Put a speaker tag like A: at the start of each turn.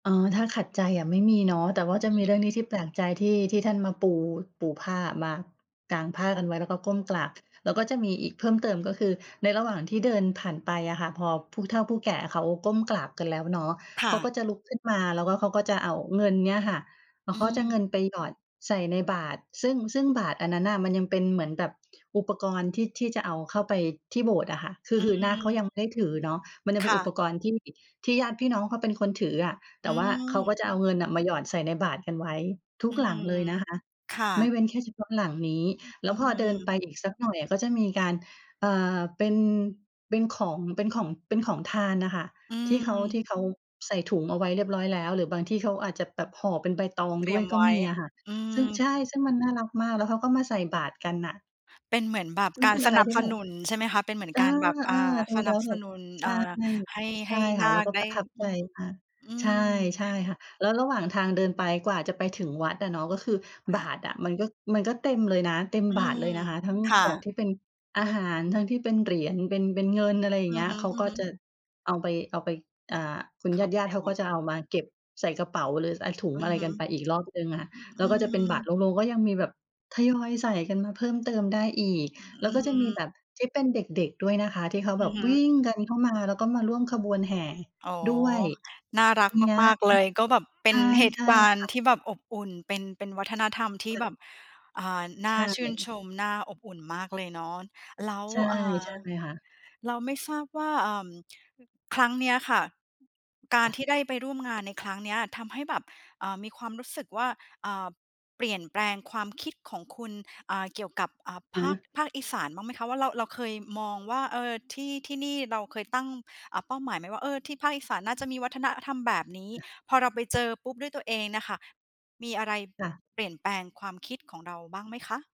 A: อ๋อ ถ้าขัดใจอะไม่มีเนาะ แต่ว่าจะมีเรื่องนี้ที่แปลกใจ ที่ ที่ท่านมา ปู ปูผ้ามา กางผ้ากันไว้ แล้วก็ก้มกราบ แล้วก็จะมีอีกเพิ่มเติมก็คือ ในระหว่างที่เดินผ่านไปอะค่ะ พอผู้เฒ่าผู้แก่เขาก้มกราบกันแล้วเนาะ
B: ค
A: เข
B: ่
A: า
B: ะ
A: ก็จะลุกขึ้นมา แล้วก็ เขาก็จะเอาเงินเนี้ยค่ะ แล้
B: อื
A: วเขาจะ
B: ม
A: เงินไปหยอดใส่ในบาตร ซึ่ง ซึ่งบาตรอันนั้นน่ะมันยังเป็นเหมือนแบบอุปกรณ์ ที่ ที่จะเอาเข้าไปที่โบสถ์อะค่ะ คื
B: อื
A: อ คือนาคเขาย
B: ม
A: ังไม่ได้ถือเนาะ มันยัง
B: ค
A: เป็น
B: ่
A: อุป
B: ะ
A: กรณ์ ที่ ที่ญาติพี่น้องเขาเป็นคนถืออะ
B: อ
A: แ
B: ื
A: ต่ว่าเขาก็
B: ม
A: จะเอาเงินน่ะมาหยอดใส่ในบาตรกันไว้ ทุ
B: อ
A: ก
B: ื
A: หลั
B: ม
A: งเลยนะคะ
B: ค่
A: ไม่
B: ะ
A: เว้นแค่เฉพาะหลังนี้
B: อือ
A: แล
B: อ
A: ้
B: ื
A: วพอเดินไป
B: ม
A: อีกสักหน่อยอะก็จะมีการ เอ่อ เป็น เป็นของ เป็นของ เป็นของทานน่ะค่ะ
B: อื
A: ที่เขา
B: ม
A: ที่เขาใส่ถุงเอาไว้เรียบร้อยแล้ว หรือบางที่เขาอาจจะแบบห่อเป็นใบตอง
B: เตร
A: ด
B: ี
A: ้
B: ย
A: วย
B: ม
A: ก
B: ไ
A: ็
B: ว้
A: มีอะค่ะ
B: อื
A: ซึ่ง
B: ม
A: ใช
B: อ
A: ่ ซึ่งมันน่ารักมาก แล้วเขาก็มาใส่บาตรกันน่ะ
B: เป็นเหมือนแบบ
A: ซึ่
B: ก
A: ง
B: า
A: เ
B: ร
A: ป็น
B: ส
A: อะไร
B: นับ
A: ที่
B: ส
A: แบ
B: น
A: บ
B: ุนใช่ไหมคะ? เป็นเหมือน
A: เออ
B: การแบบ อ
A: เ
B: ่
A: อ
B: า
A: อ ดู
B: ส
A: แ
B: น
A: ล
B: ั
A: ้
B: บ
A: วแ
B: ส
A: บบ
B: นุน
A: ใช
B: อ่า
A: ่
B: ให้
A: ใช
B: ให
A: ่
B: ้
A: ค
B: น
A: ่ะ
B: า
A: แล้ว
B: ค
A: ก็
B: ได
A: ป
B: ้
A: ระทับ
B: อ
A: ใ
B: ื
A: จ
B: ม
A: ค่ะ
B: อื
A: ใช่
B: ม
A: ใช่ค่ะ แล้วระหว่างทางเดินไปกว่าจะไปถึงวัดอะเนาะ ก็คือ
B: ค
A: บ
B: ่
A: า
B: ะ
A: ตรอะ มันก็ มันก็เต็มเลยนะ เต็ม
B: อื
A: บาตรเล
B: ม
A: ยนะคะ ทั้ง
B: ค่
A: ของ
B: ะ
A: ที่เป็น อาหาร ทั้งที่เป็นเหรียญ เป็น เป็นเงิน อะไรอย่า
B: อื
A: งเงี
B: อ
A: ้ย
B: ฮึ
A: เขาก็จ
B: ๆ
A: ะ เอาไป เอาไป อ่า คุณ
B: เข
A: ญ
B: ้าไป
A: าต
B: ใน
A: ิ ๆ เขา
B: ว
A: ก
B: ั
A: ็
B: ด
A: จะเอามาเก็บใส่กระเป๋า หรือ อ่า ถุง
B: อื
A: อะ
B: อ
A: ไร
B: ฮ
A: ก
B: ึ
A: ันไปอีกรอบหนึ่งอะค่ะ
B: อือ
A: แ
B: อ
A: ล้
B: ื
A: วก็จะเป็นบาตร
B: ม
A: โล่ง ๆ ก็ยังมีแบบทยอยใส่กันมาเพิ่มเติมได้อีก
B: อื
A: แล้วก
B: อ
A: ็จะ
B: อื
A: มีแ
B: ม
A: บบที่เป็นเด็ก ๆ ด้วยนะคะ ที่เขา
B: อื
A: แบ
B: อ
A: บ
B: ฮ
A: วิ
B: ึ
A: ่งกันเข้ามา แล้วก็มาร่วมขบวนแห่
B: อ๋อ
A: ด้วย
B: น่ารั
A: ม
B: ก
A: ีนะ
B: มาก ๆ เลย ก็แบบเป
A: ใ
B: ็
A: ช
B: น
A: ่
B: เหต
A: ใช
B: ุ
A: ่
B: การณ
A: ค่
B: ์
A: ะ
B: ที่แบบอบอุ่น เป็น เป็นวัฒนธรรมที่
A: เฟิน
B: แบบ อ่า น
A: ใ
B: ่
A: ช
B: าชื่น
A: ่
B: ชม น่า อบอุ่นมากเลยเนาะ แล้ว
A: ใช่
B: อ่า
A: ใช่ค่ะ
B: แล้วไม่ทราบว่า เอ่อ ครั้งเนี้ยค่ กา
A: ค
B: ร
A: ่ะ
B: ที่ได้ไปร่วมงานในครั้งเนี้ย ทำให้แบบ อ่า มีความรู้สึกว่า อ่า เปลี่ยนแปลงความคิดของคุณ อ่า เกี่ยวกับ อ่า ภ
A: ฮ
B: าค
A: ะ
B: ภาคอีสานบ้างไหมคะ? ว่า เรา เราเคยมองว่า เออ ที่ ที่นี่เราเคยตั้ง อ่า เป้าหมายไหมว่า เออ ที่ภาคอีสานน่าจะมีวัฒนธรรมแบบนี้ พอเราไปเจอปุ๊บด้วยตัวเองน่ะค่ะ มีอะไร
A: จ้ะ
B: เปลี่ยนแปลงความคิดของเราบ้างไหมคะ?